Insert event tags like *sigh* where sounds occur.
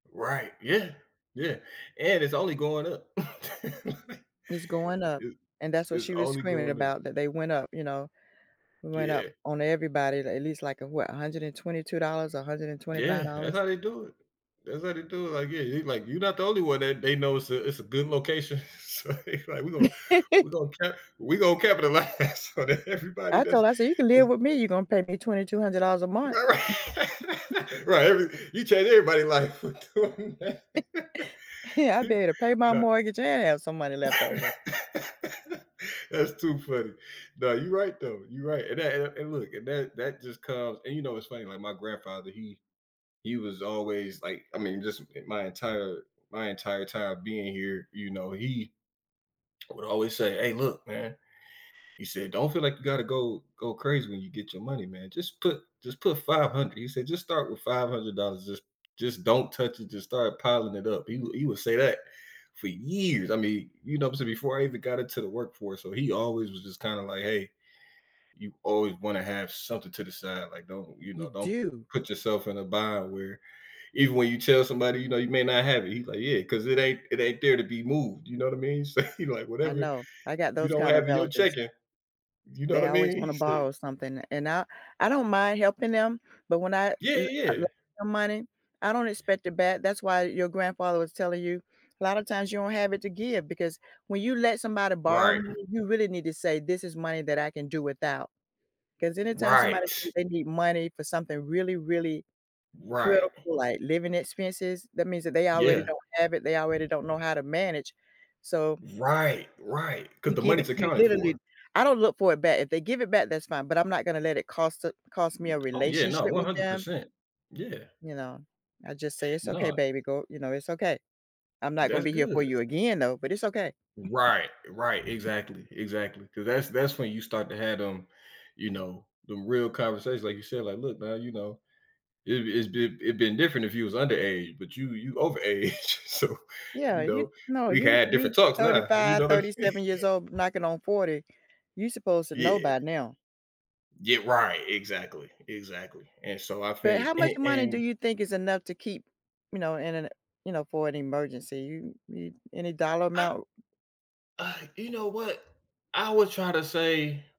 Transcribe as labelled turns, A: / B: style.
A: Right, yeah, yeah, and it's only going up. *chuckles*
B: It's going up
A: It
B: and that's what
A: it's
B: she was
A: only
B: screaming
A: going up.
B: about that they went up, you know, went up
A: Yeah.
B: on everybody a at least like a what, $122 a hundred and
A: Yeah,
B: twenty-five
A: that
B: dollars.
A: how they do it. That's how they do it, like, yeah, you like, "You not the only one that they know" it's a it's a good location. So they like "we gonna, we
B: *laughs*
A: gonna ca we gonna capitalize so that everybody
B: I told
A: does
B: her, I said, "you can live
A: is"
B: with me, you're gonna pay me $2200 a month.
A: Right,
B: *chuckles*
A: ri Right, every you change everybody life with
B: *chuckles*
A: doing that.
B: Yeah, I'd be
A: *chuckles*
B: able to pay my
A: Nah
B: mortgage and have some money left
A: *laughs*
B: over.
A: That's too funny. No, you right though, you right, and that and and look, and that that just comes, and you know it's funny like my grandfather, he he was always like, I mean just i my entire my entire time being here, you know, he would always say, "Aye, look, man," he said, "Don't feel like you gotta go go crazy when you get your money, man, just put just put 500,” he said, "Just start with $500, just just don't touch it, just start piling it up," he would he would say that for years, I mean, you know, I'm saying before I even got into the workforce, so he always was just kinda like, "Hey, you always wanna have something to the side, like don't, you
B: You
A: know, don't
B: do.
A: put yourself in a bind where even when you tell somebody, you know, you may not have it," he's like, "Yeah, 'cause it ain't it ain't there to be moved," you know what I mean, so *chuckles* you know like
B: I
A: whatever,
B: know. I got
A: you
B: those
A: don't
B: kind of
A: have in you're
B: relatives
A: checking, you know what
B: they
A: I
B: always
A: mean, he
B: wanna
A: said
B: borrow something, and I I don't mind helping them, but when I
A: Yeah,
B: l l
A: yeah.
B: some money, I don't expect it back, that's why your grandfather was telling you, a lotta times you don't have it to give because when you let somebody borrow
A: Right.
B: money, you really need to say this is money that I can do without. 'Cause anytime somebody say
A: Right.
B: they need money for something really, really
A: Right.
B: critical like living expenses, that means that they already
A: Yeah.
B: don't have it, they already don't know how to manage, so
A: Right, right, 'cause
B: you
A: the
B: give it,
A: money's
B: you
A: accounted for.
B: literally I don't look for it back, if they give it back, that's fine, but I'm not gonna let it cost a cost me a
A: Oh yeah, no,
B: relationship
A: one
B: with
A: hundred
B: them
A: percent. Yeah.
B: you know, I just say, "it's okay,
A: No.
B: baby, go you know, it's okay. I'm not gonna
A: That's
B: be here for
A: good.
B: you again though, but it's okay."
A: Right, right,
B: *chuckles*
A: exactly, exactly, 'cause that's that's when you start to have them, you know, them real conversations like you said, like, look now, you know, it it's been it'd been different if he was underage, but you you overage, so
B: Yeah,
A: you
B: you
A: know,
B: no,
A: we
B: you
A: had
B: you
A: different talks now, you
B: 35,
A: know what I'm
B: thirty
A: saying?
B: seven years old, knocking on 40, you supposed to know
A: Yeah.
B: by now.
A: Yeah, right, exactly, exactly, and so I
B: But
A: think
B: how much
A: an
B: money do
A: and
B: you think is enough to keep, you know, in an you know, for an emergency, you you any dollar
A: Uh
B: amount?
A: uh, you know what? I would try to say